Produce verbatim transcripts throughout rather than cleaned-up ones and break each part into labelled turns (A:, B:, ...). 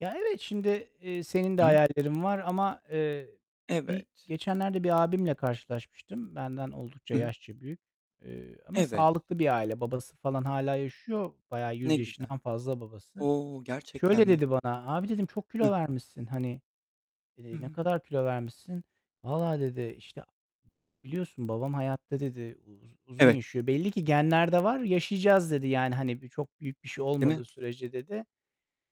A: Ya, evet, şimdi, eee, senin de
B: I hı.
A: hayallerin var ama, eee, bir
B: Evet.
A: geçenlerde bir abimle karşılaşmıştım. Benden oldukça
B: Hı hı.
A: yaşça büyük. Eee, ama
B: Evet.
A: sağlıklı bir aile. Babası falan hâlâ yaşıyor. Bayağı yüz
B: Ne güzel.
A: yaşından fazla babası.
B: O, gerçekten
A: Şöyle
B: mi?
A: dedi bana; "Abi" dedim, "Çok kilo
B: Hıh?
A: vermişsin. Hani,
B: Hı
A: eee, ne
B: hı.
A: kadar kilo vermişsin?" "Vallahi" dedi, "İşte, biliyorsun babam hayatta." dedi, "U uz uzun
B: Evet.
A: yaşıyor. Belli ki genlerde var, yaşayacağız" dedi. Yani, hani, "Çok büyük bir şey
B: Değil mi?
A: olmadığı sürece" dedi.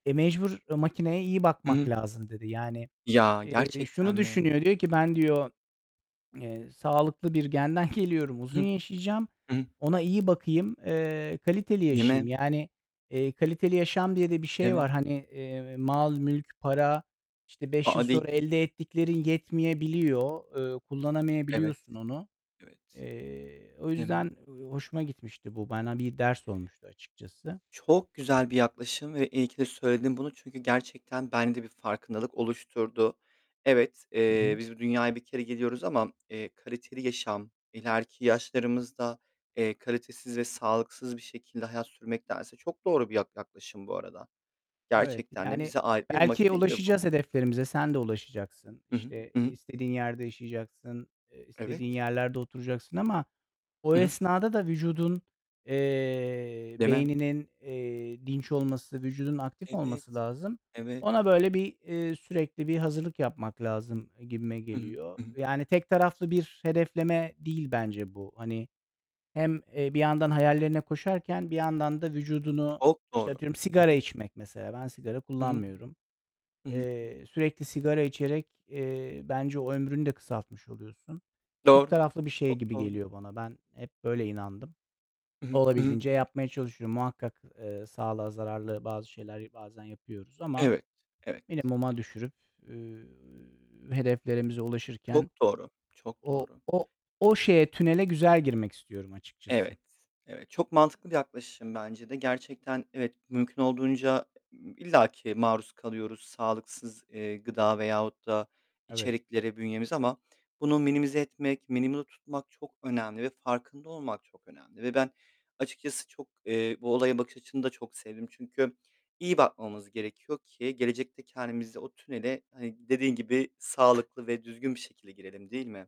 A: "E, mecbur makineye iyi
B: I
A: bakmak
B: hı.
A: lazım." dedi. Yani,
B: Ya,
A: eee,
B: gerçekten
A: şunu
B: mi?
A: düşünüyor, diyor ki "Ben" diyor, eee, "Sağlıklı bir genden geliyorum,
B: Hı
A: uzun
B: hı.
A: yaşayacağım.
B: Hı hı.
A: Ona iyi bakayım, eee, kaliteli
B: Değil
A: yaşayayım."
B: mi?
A: Yani, eee, kaliteli yaşam diye de bir
B: Değil
A: şey var.
B: mi?
A: Hani, eee, mal, mülk, para, işte,
B: A,
A: beş
B: a!
A: yıl
B: Di
A: sonra elde ettiklerin yetmeyebiliyor. Eee,
B: Evet.
A: kullanamayabiliyorsun onu.
B: Evet.
A: Eee, o
B: Değil mi?
A: yüzden hoşuma gitmişti bu. Bana bir ders olmuştu açıkçası.
B: Çok güzel bir yaklaşım ve iyi ki de söyledin bunu. Çünkü gerçekten bende bir farkındalık oluşturdu. Evet,
A: Hı
B: eee,
A: hı.
B: biz bu dünyaya bir kere geliyoruz ama eee, kaliteli yaşam, ileriki yaşlarımızda, eee, kalitesiz ve sağlıksız bir şekilde hayat sürmektense Çok doğru bir yak yaklaşım bu arada.
A: Evet.
B: Gerçekten de
A: Yani,
B: bize ait bir
A: belki
B: makine gibi bu.
A: ulaşacağız hedeflerimize. Sen de ulaşacaksın.
B: Hı hı.
A: İşte,
B: Hı
A: eee,
B: hı.
A: istediğin yerde yaşayacaksın. Eee,
B: Evet.
A: istediğin yerlerde oturacaksın ama o
B: Hı hı.
A: esnada da vücudun, eee,
B: Değil mi?
A: beyninin, eee, dinç olması, vücudunun aktif olması
B: Evet.
A: lazım.
B: Evet.
A: Ona böyle bir, eee, sürekli bir hazırlık yapmak lazım, eee, gibime
B: Hı hı,
A: geliyor.
B: hı hı.
A: Yani tek taraflı bir hedefleme değil bence bu. Hani, hem, eee, bir yandan hayallerine koşarken bir yandan da vücudunu
B: Çok
A: İşte,
B: doğru.
A: atıyorum
B: Hı
A: sigara
B: hı.
A: içmek mesela. Ben sigara
B: Hı hı,
A: kullanmıyorum.
B: hı hı.
A: Eee, sürekli sigara içerek, eee, bence o ömrünü de kısaltmış oluyorsun. Çift
B: Doğru,
A: taraflı bir şey
B: çok
A: gibi
B: doğru.
A: geliyor bana. Ben hep böyle inandım.
B: Hı hı, hı hı.
A: Olabildiğince yapmaya çalışıyorum. Muhakkak, eee, sağlığa zararlı bazı şeyler bazen yapıyoruz ama
B: Evet. Evet.
A: minimuma düşürüp, üüü, hedeflerimize ulaşırken
B: Çok doğru. Çok
A: o
B: doğru.
A: o o şeye, tünele güzel girmek istiyorum açıkçası.
B: Evet. Evet. Çok mantıklı bir yaklaşım bence de. Gerçekten evet, mümkün olduğunca illaki maruz kalıyoruz sağlıksız, eee, gıda veyahut da
A: Evet.
B: içeriklere bünyemiz ama bunu minimize etmek, minimumda tutmak çok önemli ve farkında olmak çok önemli ve ben açıkçası çok, eee, bu olaya bakış açını da çok sevdim. Çünkü iyi bakmamız gerekiyor ki gelecekte kendimizi o tünele, hani, dediğin gibi sağlıklı ve düzgün bir şekilde girelim değil mi?